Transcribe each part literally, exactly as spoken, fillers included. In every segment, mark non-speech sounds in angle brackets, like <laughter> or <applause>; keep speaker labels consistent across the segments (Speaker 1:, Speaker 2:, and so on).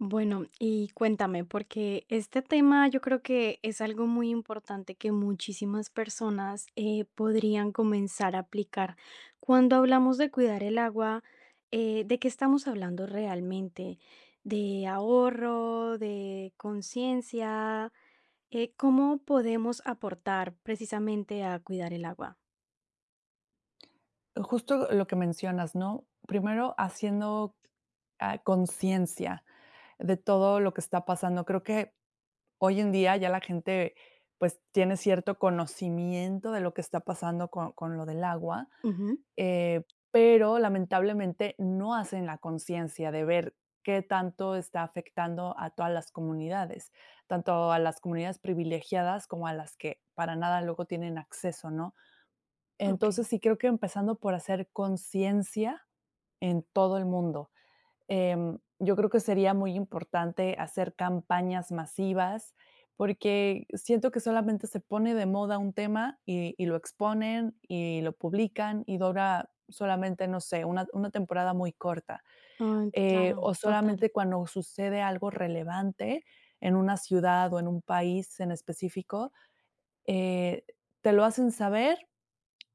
Speaker 1: Bueno, y cuéntame, porque este tema yo creo que es algo muy importante que muchísimas personas, eh, podrían comenzar a aplicar. Cuando hablamos de cuidar el agua, eh, ¿de qué estamos hablando realmente? ¿De ahorro? ¿De conciencia? Eh, ¿cómo podemos aportar, precisamente, a cuidar el agua?
Speaker 2: Justo lo lo que mencionas, ¿no?, primero haciendo, ah, conciencia de todo lo que está pasando. Creo que, hoy en día ya la gente, pues, tiene cierto conocimiento de lo que está pasando con con lo del agua,
Speaker 1: Ujú.
Speaker 2: eh, pero, lamentablemente, no hacen la conciencia de ver qué tanto está afectando a todas las comunidades, tanto a las comunidades privilegiadas como a las que para nada luego tienen acceso, ¿no? Entonces,
Speaker 1: Okey.
Speaker 2: sí, creo que empezando por hacer conciencia en todo el mundo. Em, yo creo que sería muy importante hacer campañas masivas, porque siento que solamente se pone de moda un tema, y y lo exponen, y lo publican, y dura solamente, no sé, una una temporada muy corta,
Speaker 1: Ah,
Speaker 2: eh,
Speaker 1: claro,
Speaker 2: o
Speaker 1: total.
Speaker 2: solamente cuando sucede algo relevante en una ciudad, o en un país en específico, eh, te lo hacen saber,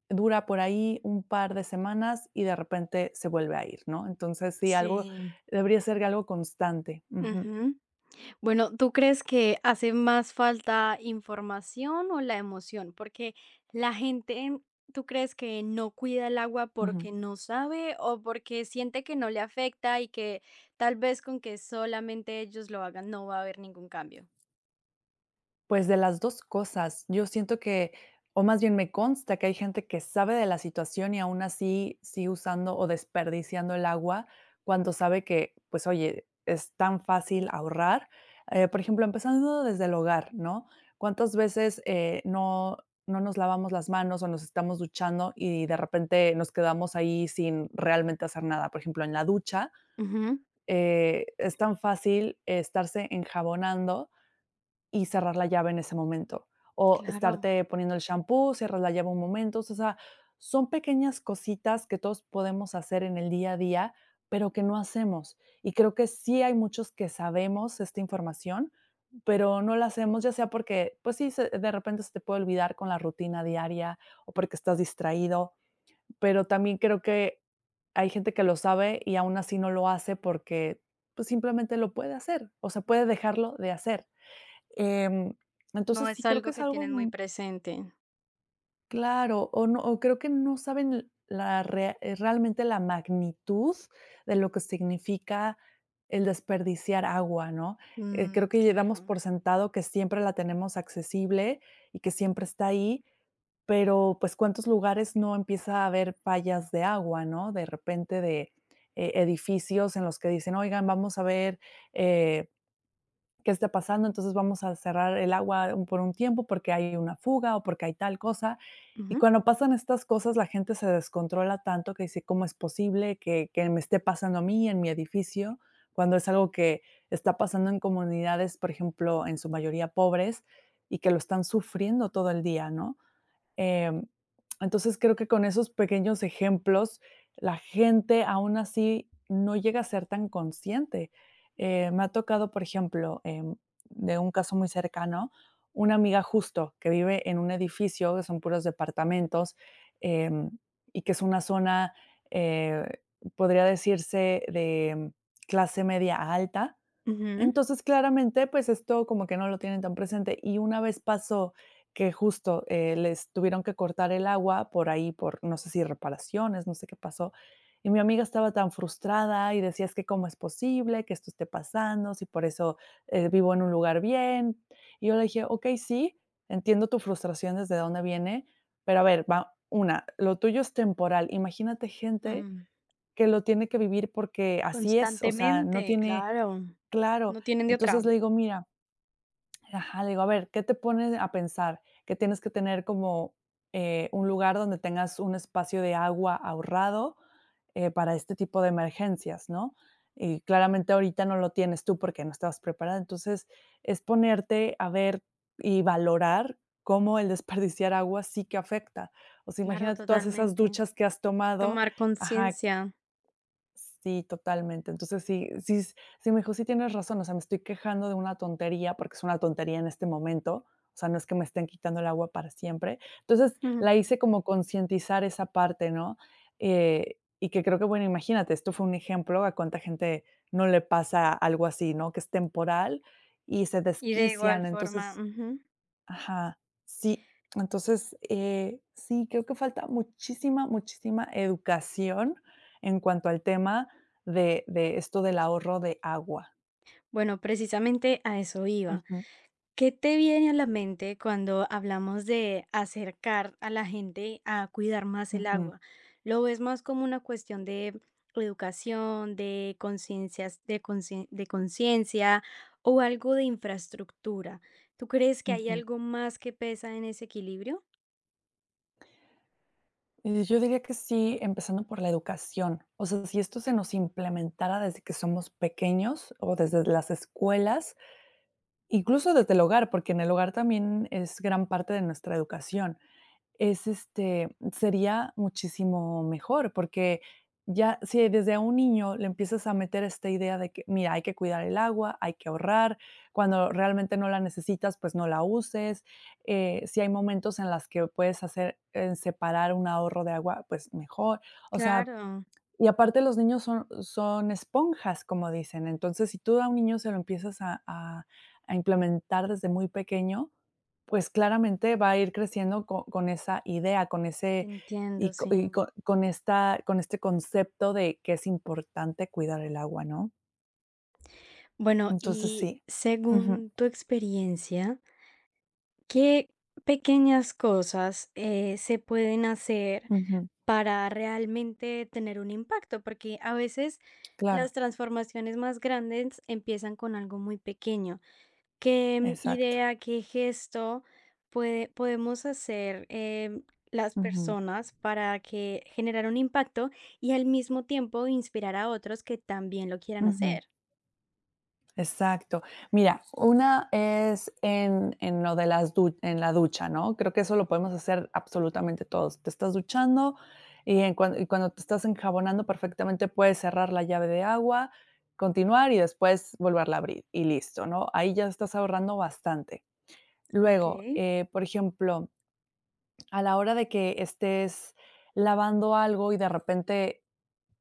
Speaker 2: dura por ahí un par de semanas, y, de repente, se vuelve a ir, ¿no? Entonces sí, algo
Speaker 1: Sí.
Speaker 2: debería ser algo constante. Ujú.
Speaker 1: Ujú. Bueno, ¿tú crees que hace más falta información o la emoción? Porque la gente, ¿tú crees que no cuida el agua
Speaker 2: Ujú.
Speaker 1: porque no sabe, o porque siente que no le afecta, y que, tal vez, con que solamente ellos lo hagan, no va a haber ningún cambio?
Speaker 2: Pues, de las dos cosas. Yo siento que, o más bien me consta que hay gente que sabe de la situación y aún así sigue usando o desperdiciando el agua cuando sabe que pues oye, es tan fácil ahorrar, eh, por ejemplo, empezando desde el hogar, ¿no?, cuántas veces, eh, no no nos lavamos las manos o nos estamos duchando y de repente nos quedamos ahí sin realmente hacer nada. Por ejemplo, en la ducha,
Speaker 1: Ujú.
Speaker 2: eh, es tan fácil estarse enjabonando y cerrar la llave en ese momento o
Speaker 1: Claro.
Speaker 2: estarte poniendo el champú, cerrar la llave un momento, o sea, son pequeñas cositas que todos podemos hacer en el día a día, pero que no hacemos, y creo que sí hay muchos que sabemos esta información, pero no la hacemos, ya sea porque, pues sí, se de repente se te puede olvidar con la rutina diaria o porque estás distraído, pero también creo que hay gente que lo sabe y aún así no lo hace porque, pues, simplemente lo puede hacer, o sea, puede dejarlo de hacer, em,
Speaker 1: No
Speaker 2: entonces sí,
Speaker 1: es
Speaker 2: creo que
Speaker 1: algo
Speaker 2: es
Speaker 1: que
Speaker 2: algo,
Speaker 1: tienen muy
Speaker 2: mm
Speaker 1: presente.
Speaker 2: Claro o no, o creo que no saben la rea eh, realmente la magnitud de lo que significa el desperdiciar agua, ¿no?, eh,
Speaker 1: Mm,
Speaker 2: creo que llevamos
Speaker 1: claro.
Speaker 2: por sentado que siempre la tenemos accesible y que siempre está ahí. Pero pues, ¿cuántos lugares no empieza a haber fallas de agua?, ¿no?, de repente de, eh, edificios en los que dicen: "Oigan, vamos a ver, eh, que esté pasando. Entonces vamos a cerrar el agua por un tiempo porque hay una fuga o porque hay tal cosa". Y
Speaker 1: Ujú.
Speaker 2: cuando pasan estas cosas, la gente se descontrola tanto que dice: "¿Cómo es posible que que me esté pasando a mí, en mi edificio?", cuando es algo que está pasando en comunidades, por ejemplo, en su mayoría pobres y que lo están sufriendo todo el día, ¿no?, em, entonces creo que con esos pequeños ejemplos, la gente, aún así no llega a ser tan consciente, eh, me ha tocado, por ejemplo, em, de un caso muy cercano. Una amiga, justo, que vive en un edificio que son puros departamentos, em, y que es una zona, eh, podría decirse de clase media alta.
Speaker 1: Ujú.
Speaker 2: Entonces claramente, pues esto como que no lo tienen tan presente. Y una vez pasó, que justo, eh, les tuvieron que cortar el agua, por ahí por, no sé si reparaciones, no sé qué pasó, y mi amiga estaba tan frustrada y decía: "Es que, ¿cómo es posible que esto esté pasando? Si por eso vivo en un lugar bien". Y yo le dije: "Okey, sí, entiendo tu frustración desde dónde viene, pero a ver va, una, lo tuyo es temporal. Imagínate gente
Speaker 1: Mm.
Speaker 2: que lo tiene que vivir porque así es". O sea, no
Speaker 1: Constantemente,
Speaker 2: tiene
Speaker 1: claro.
Speaker 2: Claro.
Speaker 1: No tienen de
Speaker 2: Entonces
Speaker 1: otra.
Speaker 2: le digo: "Mira". Ajá, le digo: "A ver, qué te pones a pensar, que tienes que tener como, eh, un lugar donde tengas un espacio de agua ahorrado, eh, para este tipo de emergencias, ¿no?, y claramente ahorita no lo tienes tú porque no estabas preparada. Entonces es ponerte a ver y valorar cómo el desperdiciar agua sí que afecta. O sea,
Speaker 1: Claro,
Speaker 2: imagínate todas esas
Speaker 1: totalmente.
Speaker 2: duchas que has tomado
Speaker 1: Tomar
Speaker 2: Ajá.
Speaker 1: conciencia.
Speaker 2: Sí, totalmente. Entonces sí sí sí, me dijo sí, tienes razón, o sea, me estoy quejando de una tontería, porque es una tontería en este momento, o sea, no es que me estén quitando el agua para siempre. Entonces,
Speaker 1: Ujú.
Speaker 2: la hice como concientizar esa parte, ¿no?, eh, y que creo que bueno, imagínate esto fue un ejemplo a cuánta gente no le pasa algo así, ¿no?, que es temporal y se
Speaker 1: Y de igual
Speaker 2: desquician.
Speaker 1: forma
Speaker 2: Entonces
Speaker 1: Ujú.
Speaker 2: Ajá. Sí, entonces, eh, sí, creo que falta muchísima, muchísima educación en cuanto al tema de de esto del ahorro de agua.
Speaker 1: Bueno, precisamente a eso iba.
Speaker 2: Ujú.
Speaker 1: ¿Qué te viene a la mente cuando hablamos de acercar a la gente a cuidar más el
Speaker 2: Ujú.
Speaker 1: agua? ¿Lo ves más como una cuestión de educación, de conciencias de concien de conciencia o algo de infraestructura? ¿Tú crees que hay
Speaker 2: Ujú.
Speaker 1: algo más que pesa en ese equilibrio?
Speaker 2: Eh, yo diría que sí, empezando por la educación. O sea, si esto se nos implementara desde que somos pequeños o desde las escuelas, incluso desde el hogar, porque en el hogar también es gran parte de nuestra educación, es, este, sería muchísimo mejor, porque ya si desde un niño le empiezas a meter esta idea de que: "Mira, hay que cuidar el agua, hay que ahorrar cuando realmente no la necesitas, pues, no la uses, eh, si hay momentos en las que o puedes hacer en separar un ahorro de agua, pues, mejor". O sea,
Speaker 1: Claro.
Speaker 2: y aparte, los niños son son esponjas, como dicen. Entonces, si tú a un niño se lo empiezas a a a implementar desde muy pequeño, pues, claramente va a ir creciendo co con esa idea, con
Speaker 1: Te
Speaker 2: ese
Speaker 1: entiendo.
Speaker 2: y co
Speaker 1: Sí.
Speaker 2: y con con esta con este concepto de que es importante cuidar el agua, ¿no?
Speaker 1: Bueno,
Speaker 2: Entonces,
Speaker 1: y,
Speaker 2: sí. Ujú.
Speaker 1: según tu experiencia ¿qué pequeñas cosas, eh, se pueden hacer,
Speaker 2: Ujú.
Speaker 1: para realmente, tener un impacto? Porque a veces, las
Speaker 2: Claro.
Speaker 1: transformaciones más grandes, empiezan con algo muy pequeño. ¿Qué
Speaker 2: Exacto.
Speaker 1: idea, qué gesto pue podemos hacer, em, las
Speaker 2: Ujú.
Speaker 1: personas, para que generar un impacto? Y al mismo tiempo, inspirar a otros, que también lo quieran
Speaker 2: Ujú.
Speaker 1: hacer.
Speaker 2: Exacto. Mira, una es en en lo de las du en la ducha, ¿no? Creo que eso lo podemos hacer, absolutamente todos. Te estás duchando, y en cuan cuando te estás enjabonando, perfectamente, puedes cerrar la llave de agua. Continuar, y después, volverla abrir, y listo, ¿no? Ahí ya estás ahorrando bastante. Luego,
Speaker 1: Okey.
Speaker 2: eh, por ejemplo, a la hora de que estés lavando algo, y de repente,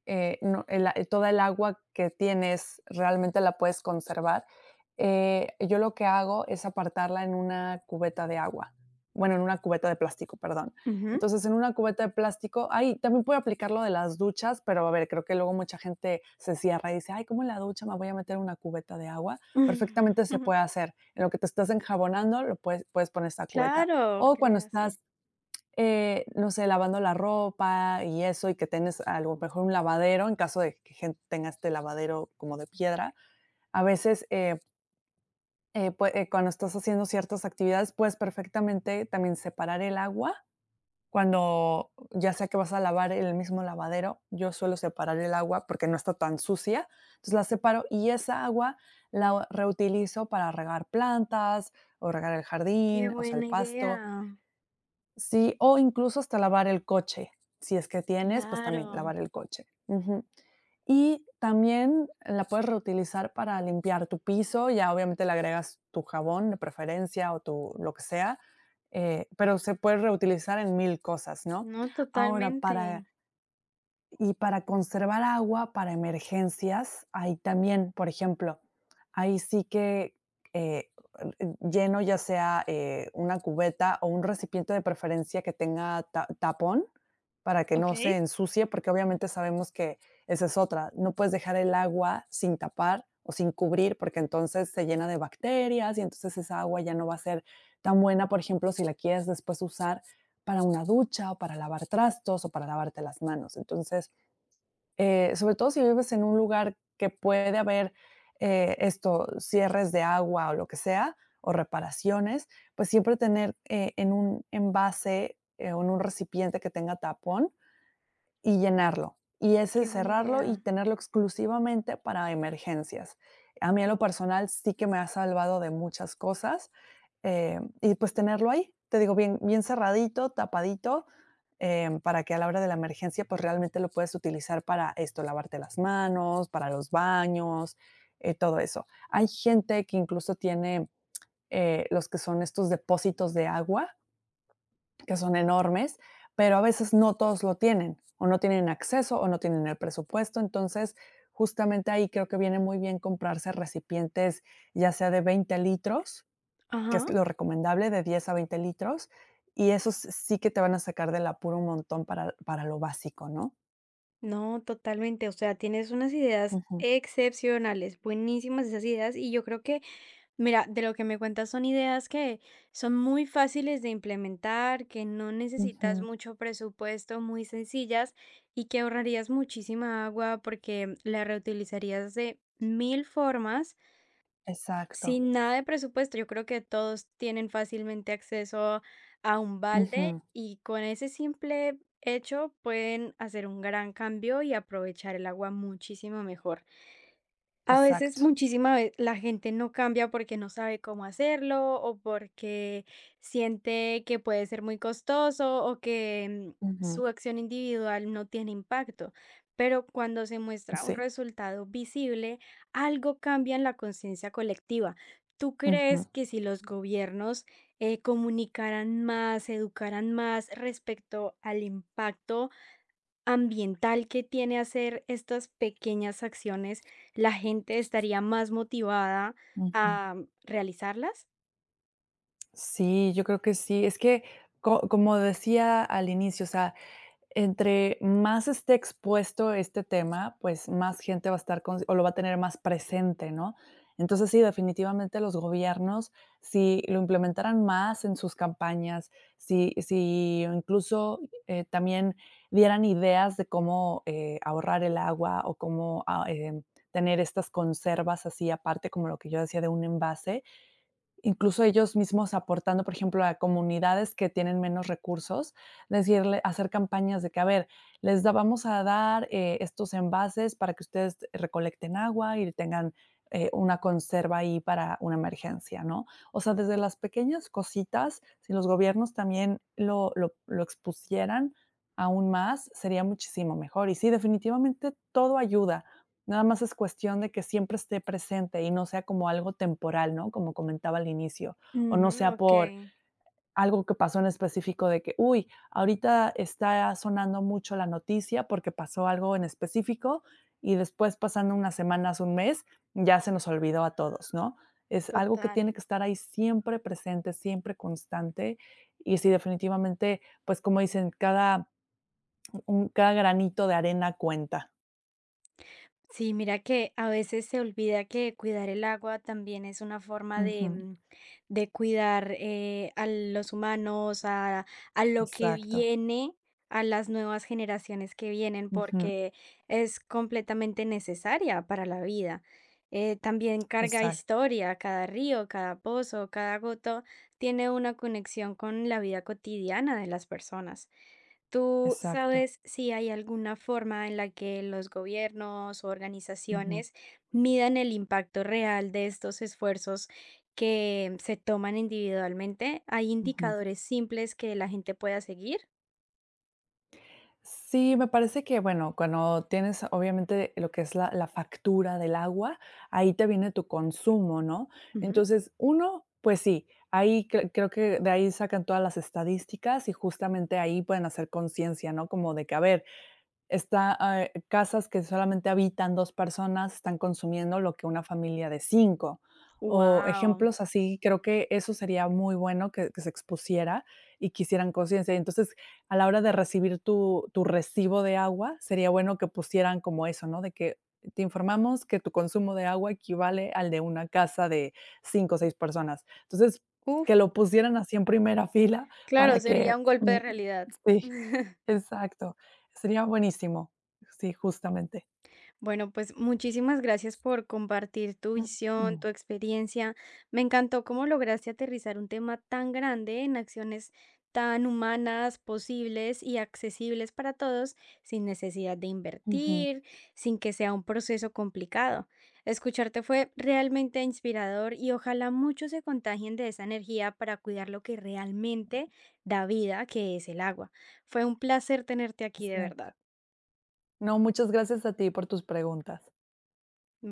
Speaker 2: eh, no la toda el agua que tienes, realmente la puedes conservar. Eh, yo lo que hago, es apartarla en una cubeta de agua. Bueno, en una cubeta de plástico. Perdón.
Speaker 1: Ujú.
Speaker 2: Entonces, en una cubeta de plástico ah, y también puede aplicar lo de las duchas. Pero a ver, creo que luego, mucha gente se cierra, y dice: "Ay. ¿Cómo en la ducha, me voy a meter una cubeta de agua?". Perfectamente, se
Speaker 1: <chuckles>
Speaker 2: puede hacer. En lo que te estás enjabonando, lo pues puedes poner esta cubeta.
Speaker 1: Claro.
Speaker 2: O
Speaker 1: Qué le
Speaker 2: cuando
Speaker 1: hacen.
Speaker 2: estás, eh, no sé, lavando la ropa, y eso. Y que tienes, a lo mejor un lavadero. En caso de que, gen tenga este lavadero, como de piedra. A veces, eh. Eh, pue eh, cuando estás haciendo ciertas actividades puedes perfectamente también separar el agua, cuando ya sea que vas a lavar el mismo lavadero, yo suelo separar el agua porque no está tan sucia. Entonces la separo y esa agua la reutilizo para regar plantas o regar el
Speaker 1: Qué
Speaker 2: jardín, o sea, el
Speaker 1: buena
Speaker 2: pasto.
Speaker 1: idea.
Speaker 2: Sí, o incluso hasta lavar el coche, si es que tienes, pues, también
Speaker 1: Claro.
Speaker 2: lavar el coche, ujú. Y también la puedes reutilizar para limpiar tu piso ya, obviamente, le agregas tu jabón de preferencia o tu lo que sea, eh, pero se puede reutilizar en mil cosas, ¿no?,
Speaker 1: No
Speaker 2: ahora
Speaker 1: totalmente.
Speaker 2: para y para conservar agua para emergencias, ahí también, por ejemplo, ahí sí que, eh, lleno, ya sea, eh, una cubeta o un recipiente de preferencia que tenga ta tapón. Para que no
Speaker 1: Okey.
Speaker 2: se ensucie, porque obviamente sabemos que esa es otra. No puedes dejar el agua sin tapar o sin cubrir porque entonces se llena de bacterias y entonces esa agua ya no va a ser tan buena, por ejemplo, si la quieres después usar para una ducha o para lavar trastos o para lavarte las manos. Entonces, eh, sobre todo si vives en un lugar que puede haber, eh, esto, cierres de agua o lo que sea o reparaciones. Pues, siempre tener, eh, en un envase o en un recipiente que tenga tapón. Y llenarlo. Y ese
Speaker 1: Qué buena
Speaker 2: cerrarlo y
Speaker 1: idea.
Speaker 2: tenerlo exclusivamente para emergencias. A mí en lo personal sí que me ha salvado de muchas cosas, em, y pues, tenerlo ahí, te digo, bien bien cerradito, tapadito, em, para que a la hora de la emergencia, pues, realmente lo puedes utilizar para esto, lavarte las manos, para los baños, eh, todo eso. Hay gente que incluso tiene, eh, los que son estos depósitos de agua. Que son enormes, pero a veces no todos lo tienen. O no tienen acceso o no tienen el presupuesto. Entonces, justamente ahí creo que viene muy bien comprarse recipientes, ya sea de veinte litros, que es
Speaker 1: Ajá.
Speaker 2: lo recomendable, de diez a veinte litros. Y esos sí que te van a sacar del apuro un montón para para lo básico, ¿no?
Speaker 1: No, totalmente. O sea, tienes unas ideas
Speaker 2: Ujú.
Speaker 1: excepcionales, buenísimas esas ideas. Y yo creo que, mira, de lo que me cuentas son ideas que son muy fáciles de implementar, que no necesitas
Speaker 2: Ujú.
Speaker 1: mucho presupuesto, muy sencillas y que ahorrarías muchísima agua, porque la reutilizarías de mil formas.
Speaker 2: Exacto.
Speaker 1: Sin nada de presupuesto. Yo creo que todos tienen fácilmente acceso a un balde
Speaker 2: Ujú.
Speaker 1: y con ese simple hecho, pueden hacer un gran cambio y aprovechar el agua muchísimo mejor. A veces,
Speaker 2: Exacto.
Speaker 1: muchísima ve la gente no cambia porque no sabe cómo hacerlo o porque siente que puede ser muy costoso, o que
Speaker 2: Ujú.
Speaker 1: su acción individual no tiene impacto, pero cuando se muestra un
Speaker 2: Sí.
Speaker 1: resultado visible, algo cambia en la conciencia colectiva. ¿Tú crees
Speaker 2: Ujú.
Speaker 1: que si los gobiernos, eh, comunicaran más, educaran más respecto al impacto ambiental que tiene hacer estas pequeñas acciones, la gente estaría más motivada
Speaker 2: Ujú.
Speaker 1: a realizarlas?
Speaker 2: Sí, yo creo que sí. Es que co como decía al inicio, o sea, entre más esté expuesto este tema, pues más gente va a estar con o lo va a tener más presente, ¿no? Entonces, sí, definitivamente, los gobiernos, si lo implementaran más en sus campañas. Si si incluso, eh, también dieran ideas de cómo, eh, ahorrar el agua, o cómo ay, en tener estas conservas así aparte, como lo que yo decía de un envase. Incluso, ellos mismos aportando, por ejemplo, a comunidades que tienen menos recursos, decirle hacer campañas de que: "A ver, les da vamos a dar, eh, estos envases, para que ustedes recolecten agua, y tengan, eh, una conserva ahí, para una emergencia", ¿no? O sea, desde las pequeñas cositas, si los gobiernos también lo lo lo expusieran, aún más, sería muchísimo mejor. Y sí, definitivamente, todo ayuda, nada más es cuestión de que siempre esté presente, y no sea como algo temporal, ¿no? Como comentaba al inicio. O no
Speaker 1: Ujú,
Speaker 2: sea por
Speaker 1: okey.
Speaker 2: algo, que pasó en específico de que: "Uy. Ahorita está sonando mucho la noticia", porque pasó algo en específico, y después, pasando unas semanas, un mes, ya se nos olvidó a todos, ¿no? Es algo que
Speaker 1: Total.
Speaker 2: tiene que estar ahí, siempre presente, siempre constante. Y sí, definitivamente, pues como dicen: "Cada un cada granito de arena, cuenta".
Speaker 1: Sí, mira que a veces se olvida que cuidar el agua también es una forma de,
Speaker 2: Ujú.
Speaker 1: mm, de cuidar, eh, a los humanos a a lo que
Speaker 2: Exacto.
Speaker 1: viene a las nuevas generaciones que vienen,
Speaker 2: Ujú.
Speaker 1: porque es completamente necesaria para la vida, eh, también carga
Speaker 2: Exacto.
Speaker 1: historia, cada río, cada pozo, cada gota tiene una conexión con la vida cotidiana de las personas, ¿tú
Speaker 2: Exacto.
Speaker 1: sabes si hay alguna forma en la que los gobiernos,
Speaker 2: Ujú.
Speaker 1: organizaciones, miran el impacto real de estos esfuerzos que se toman individualmente? ¿Hay
Speaker 2: Ujú.
Speaker 1: indicadores simples que la gente pueda seguir?
Speaker 2: Sí, me parece que bueno, cuando tienes obviamente, lo que es la la factura del agua. Ahí te viene tu consumo, ¿no?
Speaker 1: Ujú.
Speaker 2: Entonces, uno, pues sí, ahí, creo que de ahí sacan todas las estadísticas, y justamente ahí pueden hacer conciencia, ¿no?, como de que a ver, está, ah, eh, casas que solamente habitan dos personas, están consumiendo lo que una familia de cinco o
Speaker 1: ¡Wao!
Speaker 2: ejemplos así. Creo que eso sería muy bueno que que se expusiera y que hicieran conciencia. Entonces, a la hora de recibir tu tu recibo de agua, sería bueno que pusieran como eso, ¿no?, de que: "Te informamos que tu consumo de agua equivale al de una casa de cinco o seis personas". Entonces, que
Speaker 1: Uf.
Speaker 2: lo pusieran así en primera fila
Speaker 1: Claro,
Speaker 2: para
Speaker 1: sería
Speaker 2: que
Speaker 1: un golpe de realidad.
Speaker 2: sí.
Speaker 1: <chuckles>
Speaker 2: Exacto, sería buenísimo. Sí, justamente.
Speaker 1: Bueno, pues, muchísimas gracias por compartir tu visión, tu
Speaker 2: <clears throat>
Speaker 1: experiencia. Me encantó cómo lograste aterrizar un tema tan grande en acciones tan humanas, posibles y accesibles para todos, sin necesidad de
Speaker 2: Ujú.
Speaker 1: invertir, sin que sea un proceso complicado. Escucharte fue realmente inspirador y ojalá muchos se contagien de esa energía para cuidar lo que realmente da vida, que es el agua. Fue un placer tenerte aquí de verdad.
Speaker 2: Exacto. No, muchas gracias a ti por tus preguntas.
Speaker 1: Mm